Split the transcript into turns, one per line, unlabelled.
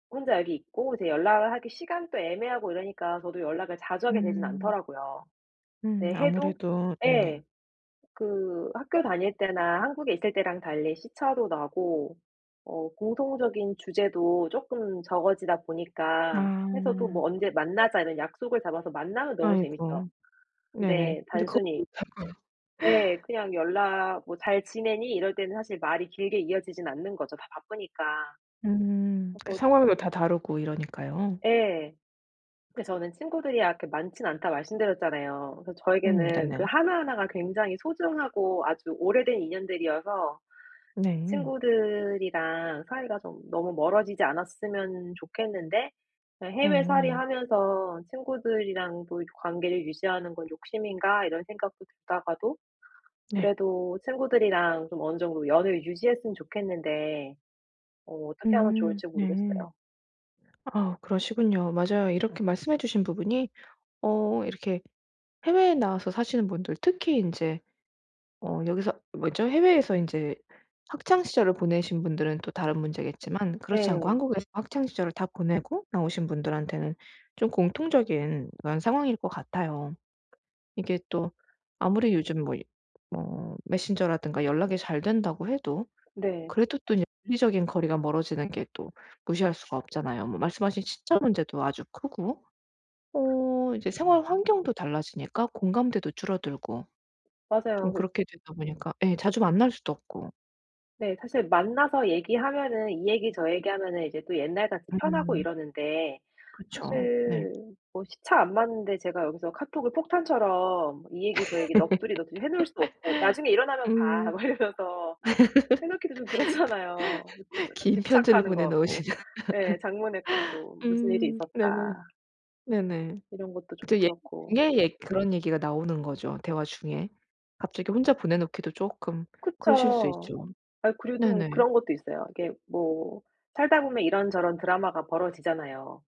혼자 여기 있고 이제 연락을 하기 시간도 애매하고 이러니까 저도 연락을 자주 하게 되진
음.
않더라고요.
음.
네 해도
아무래도 네네.
예. 그 학교 다닐 때나 한국에 있을 때랑 달리 시차도 나고 어 공통적인 주제도 쪼끔 적어지다 보니까 해서 또
아.
뭐 "언제 만나자." 이런 약속을 잡아서 만나면 너무 재밌죠.
아이고. 네네.
근데
근데 그것도
단순히
못할 거 [unintelligible]
예. 그냥 연락 "뭐 잘 지내니?" 이럴 때는 사실 말이 길게 이어지진 않는 거죠 다 바쁘니까.
음. 그
그래서
상황도 다 다르고 이러니까요.
예. 그 저는 친구들이 아 그렇게 많진 않다 말씀드렸잖아요. 그래서
음.
저에게는 그
네네.
하나하나가 굉장히 소중하고 아주 오래된 인연들이어서 그
네.
친구들이랑 사이가 좀 너무 멀어지지 않았으면 좋겠는데 그냥 '해외살이
네.
하면서 친구들이랑도 이렇게 관계를 유지하는 건 욕심인가.' 이런 생각도 들다가도
네.
그래도 친구들이랑 좀 어느 정도 연을 유지했으면 좋겠는데 어 어떻게 하면
음.
좋을지
네.
모르겠어요.
아 그러시군요. 맞아요. 이렇게 말씀해 주신 부분이 어 이렇게 해외에 나와서 사시는 분들 특히 인제 어 여기서 뭐죠, 해외에서 인제 학창 시절을 보내신 분들은 또 다른 문제겠지만 그렇지 않고
예.
한국에서 학창 시절을 다 보내고 나오신 분들한테는 좀 공통적인 그런 상황일 것 같아요. 이게 또 아무리 요즘 뭐 뭐 메신저라든가 연락이 잘 된다고 해도
네.
그래도 또 이제 물리적인 거리가 멀어지는 게 또 무시할 수가 없잖아요. 뭐 말씀하신 시차 문제도 아주 크고. 어 이제 생활 환경도 달라지니까 공감대도 줄어들고.
맞아요.
좀
그래
그렇게 되다 보니까 예 자주 만날 수도 없고.
네. 사실 만나서 얘기하면은 이 얘기 저 얘기 하면은 이제 또 옛날같이 편하고
음.
이러는데
그쵸. 네.
사실 뭐 시차 안 맞는데 제가 여기서 카톡을 폭탄처럼 이 얘기 저 얘기 넋두리 넋두리해 놓을 수도 없고 "나중에 일어나면 봐."
음.
막 이러면서 해 놓기도 좀 그렇잖아요. 너무 약간
긴 편지를
집착하는 것
보내 놓으시죠.
같고 예 장문의 카톡 "무슨 일이
음.
있었다."
네네. 네네.
이런 것도 좀
그쵸 예
그렇고.
[unintelligible] 에 그런 얘기가 나오는 거죠 대화 중에. 갑자기 혼자 보내 놓기도 쪼끔 그러실 수
그쵸.
있죠.
아 그리고 좀
네네.
그런 것도 있어요. 이게 뭐 살다 보면 이런저런 드라마가 벌어지잖아요.